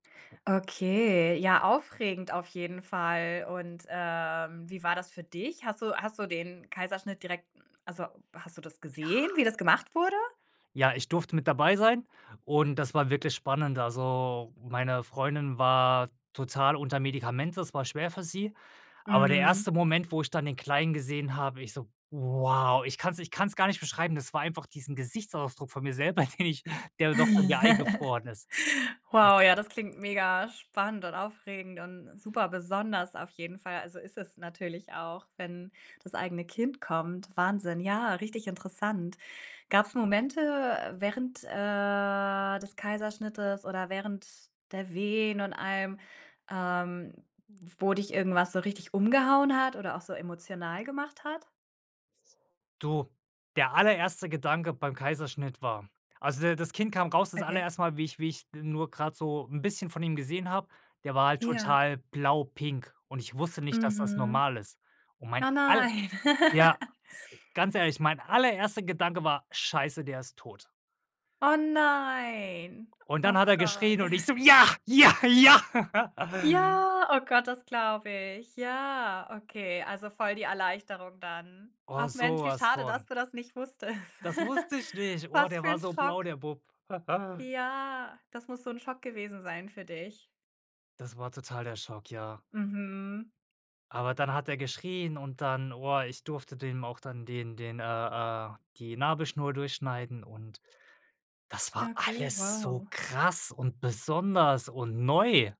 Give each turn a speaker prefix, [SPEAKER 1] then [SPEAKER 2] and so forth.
[SPEAKER 1] Okay, ja aufregend auf jeden Fall. Und, ähm, wie war das für dich? Hast du hast du den Kaiserschnitt direkt also, hast du das
[SPEAKER 2] Ja.
[SPEAKER 1] gesehen, wie das gemacht wurde?
[SPEAKER 2] Ja, ich durfte mit dabei sein und das war wirklich spannend. Also, meine Freundin war total unter Medikamente, es war schwer für sie. Aber der
[SPEAKER 1] Mhm.
[SPEAKER 2] 1. Moment, wo ich dann den Kleinen gesehen habe, ich so: „Wow!" Ich kann's ich kann's gar nicht beschreiben, das war einfach diesen Gesichtsausdruck von mir selber, den ich, der noch bei mir eingefroren ist. Das
[SPEAKER 1] Wow, ja, das klingt mega spannend und aufregend und super besonders auf jeden Fall, also, ist es natürlich auch, wenn das eigene Kind kommt. Wahnsinn. Ja, richtig interessant. Gab's Momente, äh, während, äh, des Kaiserschnittes oder während der Wehen und allem, ähm, wo dich irgendwas so richtig umgehauen hat oder auch so emotional gemacht hat?
[SPEAKER 2] Du, der allererste Gedanke beim Kaiserschnitt war also der das Kind kam raus, das
[SPEAKER 1] Okay.
[SPEAKER 2] allererste Mal, wie ich wie ich, äh, nur grad so 'n bisschen von ihm gesehen habe der war halt
[SPEAKER 1] Ja.
[SPEAKER 2] total blau pink und ich wusste nicht, dass das
[SPEAKER 1] Mhm.
[SPEAKER 2] normal ist. Und mein
[SPEAKER 1] Oh,
[SPEAKER 2] all
[SPEAKER 1] nein.
[SPEAKER 2] ja, ganz ehrlich, mein allererste Gedanke war: „Scheiße, der ist tot.“
[SPEAKER 1] Oh, nein.
[SPEAKER 2] Und dann hat
[SPEAKER 1] Ach
[SPEAKER 2] er
[SPEAKER 1] Gott.
[SPEAKER 2] geschrien und ich so:„Ja, ja, ja!“
[SPEAKER 1] Ja, oh Gott, das glaube ich. Ja, okay, also voll die Erleichterung dann.
[SPEAKER 2] Oh,
[SPEAKER 1] Ach Mensch, wie
[SPEAKER 2] sowas
[SPEAKER 1] schade, dass
[SPEAKER 2] von.
[SPEAKER 1] du das nicht wusstest.
[SPEAKER 2] Das wusste ich nicht. Oh,
[SPEAKER 1] Was
[SPEAKER 2] der
[SPEAKER 1] für
[SPEAKER 2] war
[SPEAKER 1] 'n
[SPEAKER 2] so blau,
[SPEAKER 1] Schock.
[SPEAKER 2] der Bub.
[SPEAKER 1] Ja, das muss so 'n Schock gewesen sein für dich.
[SPEAKER 2] Das war total der Schock, ja.
[SPEAKER 1] Mhm.
[SPEAKER 2] Aber dann hat er geschrien und dann, oah, ich durfte dem auch dann den den äh, äh, die Nabelschnur durchschneiden und das war
[SPEAKER 1] Okay,
[SPEAKER 2] alles so
[SPEAKER 1] wow.
[SPEAKER 2] krass und besonders und neu.